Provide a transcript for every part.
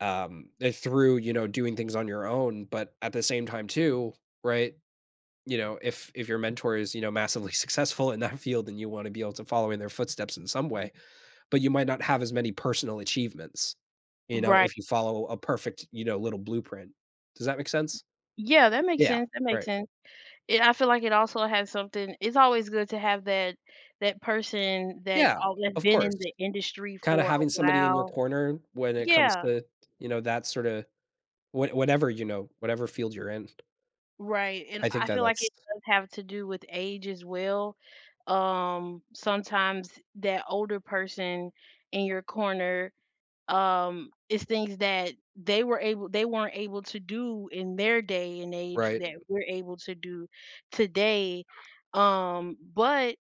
um, if through, you know, doing things on your own, but at the same time too, right? You know, if if your mentor is, you know, massively successful in that field, then you wanna be able to follow in their footsteps in some way, but you might not have as many personal achievements, you know, Right. if you follow a perfect, you know, little blueprint. Does that make sense? Yeah, that makes Yeah, sense, that makes right. sense. Yeah, I feel like it also has something it's always good to have that that person that's Yeah, al of been course. in the industry Kinda for a having somebody in your while corner when it comes Yeah. to, you know, that sorta what whatever, you know whatever field you're in. Right, and I think I that feel like that's it does have to do with age as well, um, sometimes that older person in your corner, um it's things that they were able they weren't able to do in their day and age Right. that we're able to do today, um, but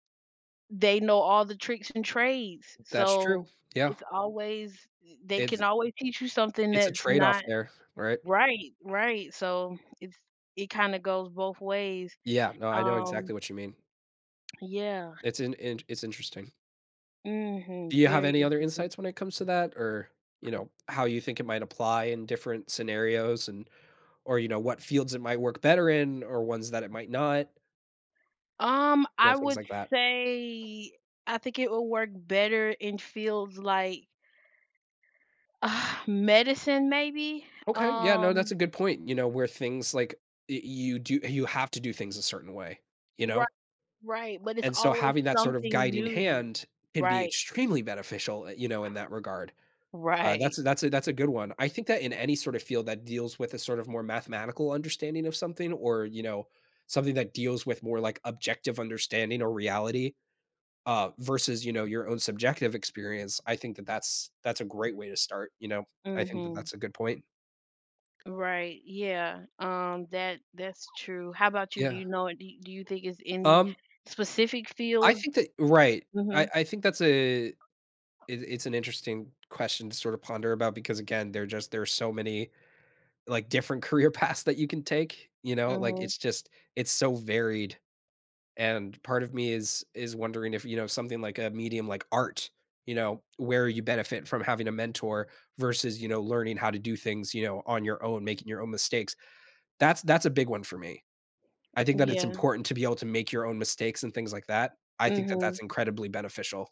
they know all the tricks and trades, That's so true, yeah. it's always th they It's can always teach you something it's a that's trade-off not there, right? Right, right, so, it's it kinda goes both ways. Yeah, no, I know Um exactly what you mean. yeah. It's an int it's interesting. Do Mhm, you have very any other interesting. insights when it comes to that? Or, you know, how you think it might apply in different scenarios, and or, you know, what fields it might work better in? Or ones that it might not? Um, You know, I things would like that. say I think it will work better in fields like medicine, maybe? Okay, yeah, no, that's Um a good point, you know, where things, like y you do you have to do things a certain way, you know? Right, right, but it's And so, always having that sort of something guiding new. hand can be Right. extremely beneficial, eh, you know, in that regard. Uh, Right. that's a that's a that's a good one, I think that in any sort of field that deals with a sort of more mathematical understanding of something, or, you know, something that deals with more, like, objective understanding or reality, uh, versus, you know, your own subjective experience, I think that that's that's a great way to start, you know? I think that Mhm. that's a good point. Right, yeah, um, that that's true, how about you? Do Yeah. you know an do do you think it's any Um specific I fields? think that right, I Mhm. I think that's a it it's an interesting question to sorta ponder about because again, there's just there's so many, like, different career paths that you can take, you know? Like, Mhm. it's just it's so varied. And part of me is is wondering if, you know, something, like, a medium like art, you know, where you benefit from having a mentor versus, you know, learning how to do things, you know, on your own, making your own mistakes. That's that's a big one for me. I think that it's Yeah. important to be able to make your own mistakes and things like that, I think that that's Mhm. incredibly beneficial.